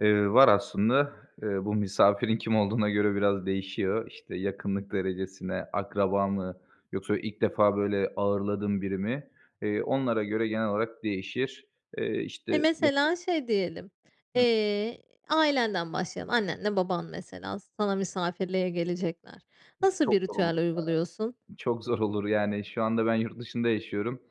Eee, var aslında. Eee, bu misafirin kim olduğuna göre biraz değişiyor. İşte, yakınlık derecesine, akraba mı, yoksa ilk defa böyle ağırladığım biri mi, eee, onlara göre genel olarak değişir. Eee, E, işte mesela [unintelligible] şey diyelim, Hı. eee, ailenden başlayalım. Annenle baban mesela sana misafirliğe gelecekler. Üf, Nasıl çok bir zor olur ritüel uyguluyorsun? ya. Çok zor olur, yani. Şu anda ben yurt dışında yaşıyorum.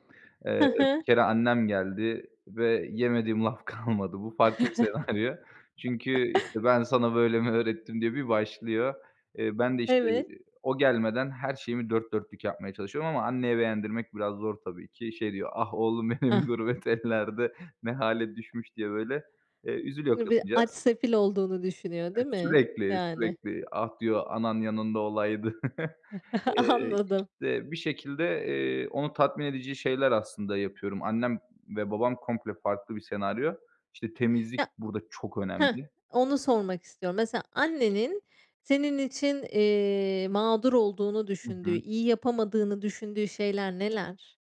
Hı Eee, bir hı. kere annem geldi ve yemediğim laf kalmadı. Bu farklı bir senaryo. Çünkü, işte, "Ben sana böyle mi öğrettim?" diye bir başlıyor. Eee, ben de, işte, Evet. eee, o gelmeden her şeyimi dört dörtlük yapmaya çalışıyorum ama anneye beğendirmek biraz zor tabii ki. Şey, diyor, "Ah, oğlum benim, Ah gurbet ellerde ne hâle düşmüş." diye böyle, eee, üzülüyor I bir aç kadıncağız. sefil olduğunu düşünüyor, Et değil mi? Sürekli, Yani. sürekli. "Ah," diyor, "anan yanında olaydı." Eee, Anladım. işte, bir şekilde, eee, onu tatmin edici şeyler aslında yapıyorum. Annem ve babam komple farklı bir senaryo. İşte, temizlik Ya burada çok Hıh. önemli. Onu sormak istiyorum. Mesela annenin senin için, eee, mağdur olduğunu Hı düşündüğü, hı. iyi yapamadığını düşündüğü şeyler neler?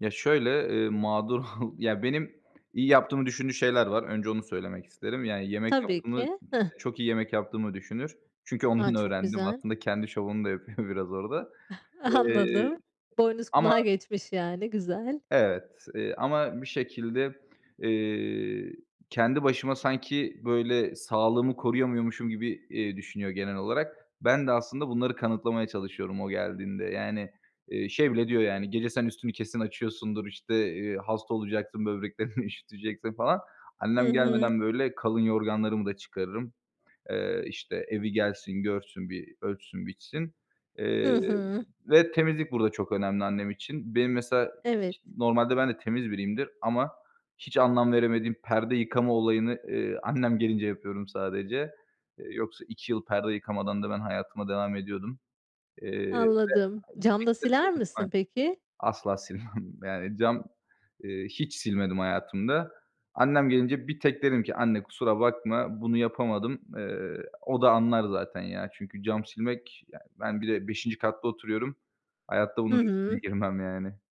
Ya, şöyle, eee, mağdur Ya, benim iyi yaptığımı düşündüğü şeyler var, önce onu söylemek isterim. Yani yemek Tabii yaptım mı, ki. Hıh. işte, çok iyi yemek yaptığımı düşünür. Çünkü A, ondan çok öğrendim güzel. aslında kendi şovunu da yapıyor biraz orada. Eee, Anladım. Boynuz ama kulağı geçmiş yani, güzel. Evet, eee, ama bir şekilde, eee, kendi başıma sanki böyle sağlığımı koruyamıyormuşum gibi, eee, düşünüyor genel olarak. Ben de aslında bunları kanıtlamaya çalışıyorum o geldiğinde. Yani, eee, şey bile diyor, yani, "Gece sen üstünü kesin açıyorsundur, işte, eee, hasta olacaksın, böbreklerini üşüteceksin." falan. Hı Annem hı. gelmeden böyle kalın yorganlarımı da çıkarırım. Eee, işte, evi gelsin, görsün, bir ölçsün, biçsin, eee, Hı hı. ve temizlik burada çok önemli annem için. Benim mesela Evet. normalde ben de temiz biriyimdir ama hiç anlam veremediğim perde yıkama olayını, eee, annem gelince yapıyorum sadece. Eee, yoksa 2 yıl perde yıkamadan da ben hayatıma devam ediyordum. Eee, ve Anladım, bir cam da şekilde siler misin [unintelligible] peki? asla silmem. Yani cam, eee, hiç silmedim hayatımda. Annem gelince bir tek dedim ki, "Anne, kusura bakma, bunu yapamadım." Eee, o da anlar zaten ya, çünkü cam silmek ya, ben bir de 5’inci katta oturuyorum, hayatta Hı bunun riskine hı. girmem yani.